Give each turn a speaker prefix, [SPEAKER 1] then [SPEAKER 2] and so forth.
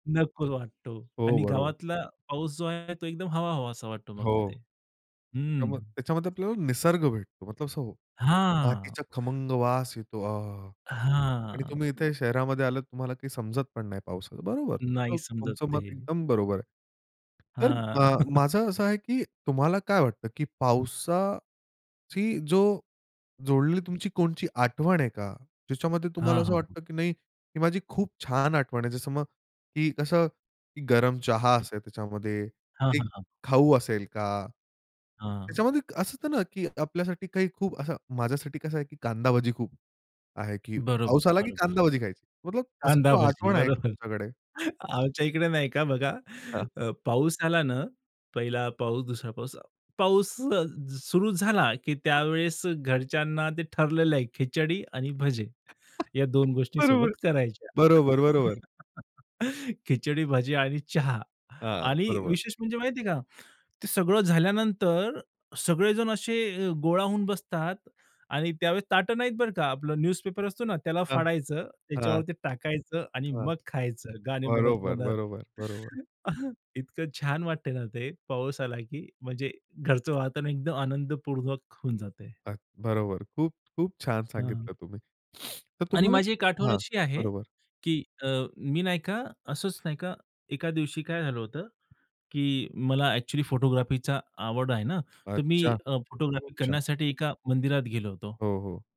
[SPEAKER 1] नको वाटतो
[SPEAKER 2] हो,
[SPEAKER 1] आणि
[SPEAKER 2] बरोबर.
[SPEAKER 1] गावातला पाऊस जो आहे तो एकदम हवा हवासा वाटतो मग
[SPEAKER 2] हो.
[SPEAKER 1] तिथे हं.
[SPEAKER 2] त्याच्यामध्ये त्याच्यामध्ये आपल्याला निसर्ग भेटतो मतलब सांगू,
[SPEAKER 1] हां.
[SPEAKER 2] मातीचा खमंग वास येतो. अहाहा! आणि
[SPEAKER 1] हां.
[SPEAKER 2] तुम्ही इथे शहरामध्ये आलात तुम्हाला काही समजत पण नाही पावसाचं. बरोबर,
[SPEAKER 1] नाही
[SPEAKER 2] तुमचं,
[SPEAKER 1] समजत
[SPEAKER 2] तुमचं
[SPEAKER 1] ते.
[SPEAKER 2] मत एकदम बरोबर आहे. तर
[SPEAKER 1] हां.
[SPEAKER 2] अ, माझं असं आहे की तुम्हाला काय वाटतं की पावसाची जो जोडलेली तुमची कोणची आठवण आहे का? ज्याच्यामध्ये तुम्हाला
[SPEAKER 1] हां,
[SPEAKER 2] असं
[SPEAKER 1] हां.
[SPEAKER 2] वाटतं की नाही, ही माझी खूप छान आठवण आहे. जसं मग की कसं गरम चहा
[SPEAKER 1] [unintelligible]
[SPEAKER 2] असेल, त्याच्यामध्ये
[SPEAKER 1] हां,
[SPEAKER 2] एक
[SPEAKER 1] हां, हां.
[SPEAKER 2] खाऊ असेल का?
[SPEAKER 1] हां.
[SPEAKER 2] त्याच्यामध्ये असं होतं ना की आपल्यासाठी काही खूप असं. माझ्यासाठी कसं आहे की कांदा भजी खूप आहे, की
[SPEAKER 1] बरोबर,
[SPEAKER 2] पाऊस आला की
[SPEAKER 1] बरोबर.
[SPEAKER 2] कांदा भजी खायची. मतलब अशी
[SPEAKER 1] कांदा भजी,
[SPEAKER 2] आठवण आहे का
[SPEAKER 1] बरोबर.
[SPEAKER 2] तुमच्याकडे?
[SPEAKER 1] आमच्या इकडे नाही का बघा,
[SPEAKER 2] हां.
[SPEAKER 1] पाऊस झाला ना, पहिला पाऊस, दुसरा पाऊस. पाऊस सुरू झाला की त्यावेळेस घरच्यांना ते ठरलेलं आहे खिचडी आणि भजे या 2 गोष्टी
[SPEAKER 2] बरोबर,
[SPEAKER 1] सोबत करायच्या.
[SPEAKER 2] बरोबर, बरोबर.
[SPEAKER 1] खिचडी, भजी आणि चहा
[SPEAKER 2] हां,
[SPEAKER 1] आणि
[SPEAKER 2] बरोबर.
[SPEAKER 1] विशेष म्हणजे माहिती आहे का, ते सगळं झाल्यानंतर सगळेजण असे गोळा होऊन बसतात आणि त्यावेळेस ताटं नाहीत बरं का. आपला न्यूजपेपर असतो ना, त्याला
[SPEAKER 2] हां,
[SPEAKER 1] फाडायचं
[SPEAKER 2] हां.
[SPEAKER 1] त्याच्यावरती टाकायचं आणि
[SPEAKER 2] हां
[SPEAKER 1] मग खायचं, गाणे म्हणत
[SPEAKER 2] बरोबर,
[SPEAKER 1] म्हणत.
[SPEAKER 2] बरोबर, बरोबर.
[SPEAKER 1] इतकं छान वाटतंय ना ते. पाऊस आला की म्हणजे घरचं वातावरण एकदम आनंदपूर्वक होऊन जातंय.
[SPEAKER 2] अ, बरोबर, खूप, खूप छान
[SPEAKER 1] हां.
[SPEAKER 2] सांगितलं तुम्ही, तर
[SPEAKER 1] आणि
[SPEAKER 2] तुम्हाला
[SPEAKER 1] माझी एक आठवण
[SPEAKER 2] हां,
[SPEAKER 1] अशी आहे
[SPEAKER 2] बरोबर.
[SPEAKER 1] की अ, मी नाही का, असंच नाही का, एका दिवशी काय झालं होतं की मला एक्चुअली फोटोग्राफीचा आवड आहे ना तर मी
[SPEAKER 2] अच्छा,
[SPEAKER 1] अ, फोटोग्राफी
[SPEAKER 2] अच्छा.
[SPEAKER 1] करण्यासाठी एका मंदिरात गेलो होतो.
[SPEAKER 2] हो, हो.